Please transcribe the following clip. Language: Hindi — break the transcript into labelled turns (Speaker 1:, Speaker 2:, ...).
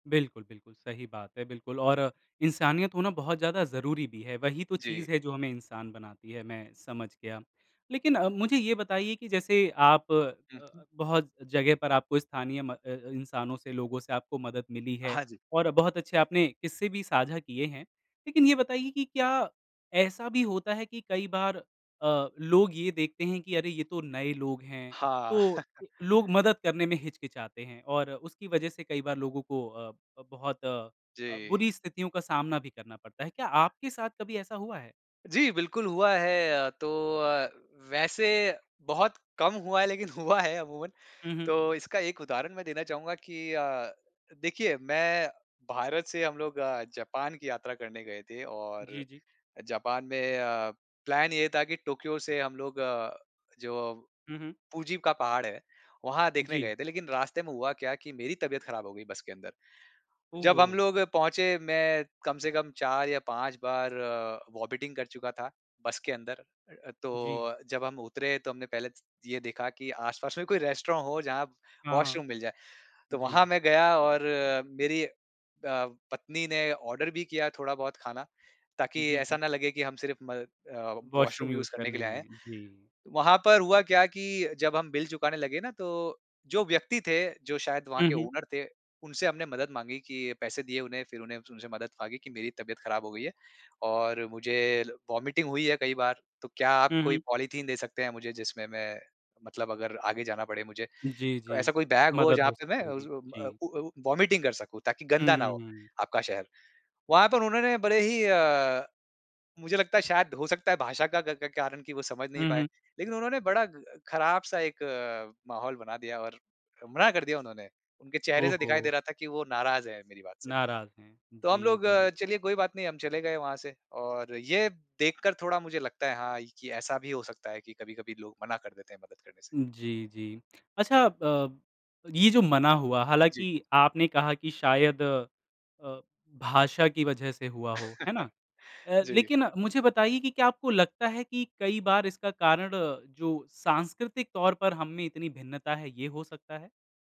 Speaker 1: बिल्कुल, बिल्कुल सही बात है बिल्कुल और इंसानियत होना बहुत ज़्यादा ज़रूरी भी है। वही तो
Speaker 2: जी।
Speaker 1: चीज़ है जो हमें इंसान बनाती है, मैं समझ गया। लेकिन अ, मुझे ये बताइए कि जैसे आप
Speaker 2: हुँ, हुँ।
Speaker 1: बहुत जगह पर आपको स्थानीय म अ अ, इंसानों से लोगों से आपको मदद मिली है
Speaker 2: हाँ जी।
Speaker 1: और बहुत अच्छे आपने किस्से भी साझा किए है। लेकिन ये बताइए कि क्या ऐसा भी होता है कि कई बार अ, लोग ये देखते हैं कि अरे, ये तो नए लोग हैं,
Speaker 2: हाँ।
Speaker 1: तो लोग मदद करने में हिचकिचाते हैं और उसकी वजह से कई बार लोगों को अ अ, बहुत अ अ,
Speaker 2: जी।
Speaker 1: बुरी स्थितियों का सामना भी करना पड़ता है। क्या आपके साथ कभी ऐसा हुआ है?
Speaker 2: जी, बिल्कुल हुआ है तो अ, वैसे बहुत कम हुआ है, लेकिन हुआ है अमूमन।
Speaker 1: हुँ, हुँ।
Speaker 2: तो इसका एक उदाहरण मैं देना चाहूँगा कि अ, देखिए मैं भारत से हम लोग जापान की यात्रा करने गए थे और
Speaker 1: जी, जी।
Speaker 2: जापान में अ, प्लान ये था कि टोक्यो से हम लोग अ, जो
Speaker 1: हुँ, हुँ।
Speaker 2: पूजी का पहाड़ है, वहाँ देखने
Speaker 1: जी।
Speaker 2: गए थे लेकिन रास्ते में हुआ क्या कि मेरी तबियत खराब हो गई बस के अंदर। जब हम
Speaker 1: ओहो!
Speaker 2: लोग पहुँचे मैं कम से कम 4 या 5 बार वोमिटिंग कर चुका था, बस के अंदर
Speaker 1: जी।
Speaker 2: तो जब हम उतरे तो हमने पहले ये देखा कि आस-पास में कोई रेस्टोरेंट हो, जहाँ
Speaker 1: हाँ, हाँ।
Speaker 2: वॉशरूम मिल जाए। तो वहाँ
Speaker 1: जी।
Speaker 2: मैं गया और मेरी अ, पत्नी ने ऑर्डर भी किया थोड़ा बहुत खाना ताकि
Speaker 1: जी,
Speaker 2: ऐसा
Speaker 1: जी।
Speaker 2: ना लगे कि हम सिर्फ म अ,
Speaker 1: वॉशरूम
Speaker 2: वॉशरूम
Speaker 1: यूज़
Speaker 2: यूज करने के
Speaker 1: करने
Speaker 2: लिए आए
Speaker 1: आए
Speaker 2: हैं।
Speaker 1: जी।
Speaker 2: वहाँ पर हुआ क्या कि जब हम बिल चुकाने लगे ना तो जो व्यक्ति थे जो शायद वहाँ
Speaker 1: हुँ,
Speaker 2: के
Speaker 1: हुँ।
Speaker 2: ओनर थे। उनसे हमने मदद माँगी कि पैसे दिए उन्हें फिर उन्हें उनसे मदद माँगी कि मेरी तबियत खराब हो गई है। और मुझे वोमिटिंग हुई है कई बार, तो क्या आप
Speaker 1: हुँ,
Speaker 2: कोई
Speaker 1: हुँ।
Speaker 2: पॉलीथीन दे सकते हैं मुझे जिसमें मैं मतलब अगर आगे जाना पड़े मुझे
Speaker 1: जी,
Speaker 2: तो
Speaker 1: जी,
Speaker 2: ऐसा कोई बैग हो
Speaker 1: मदद
Speaker 2: जहाँ
Speaker 1: हो
Speaker 2: पे मैं
Speaker 1: सकेगी।
Speaker 2: उज़ उम, अ,
Speaker 1: जी।
Speaker 2: उ अ, उ वोमिटिंग कर सकूँ ताकि गंदा ना हो
Speaker 1: हुँ।
Speaker 2: आपका शहर। वहाँ पर उन्होंने बड़े ही अ, मुझे लगता है शायद हो सकता है भाषा का क क कारण की वो समझ नहीं
Speaker 1: हुँ,
Speaker 2: पाए।
Speaker 1: हुँ।
Speaker 2: लेकिन उन्होंने बड़ा खराब सा एक माहौल बना दिया और मना कर दिया उन्होंने, उनके चेहरे से दिखाई दे
Speaker 1: ओहो!
Speaker 2: रहा था कि वो नाराज़ है मेरी बात से।
Speaker 1: नाराज़ हैं।
Speaker 2: तो हम
Speaker 1: जी,
Speaker 2: लोग
Speaker 1: जी।
Speaker 2: चलिए कोई बात नहीं हम चले गए वहाँ से और ये देख कर थोड़ा मुझे लगता है हाँ, कि ऐसा भी हो सकता है कि कभी-कभी लोग मना कर देते हैं मदद करने से।
Speaker 1: जी, जी। अच्छा अ, ये जो मना हुआ
Speaker 2: जी।
Speaker 1: हालाँकि आपने कहा की शायद अ, भाषा की वजह से हुआ हो, है ना? अ,
Speaker 2: जी।
Speaker 1: लेकिन मुझे बताइए की क्या आपको लगता है कि कई बार इसका कारण जो सांस्कृतिक तौर पर हममें इतनी भिन्नता है ये हो सकता है?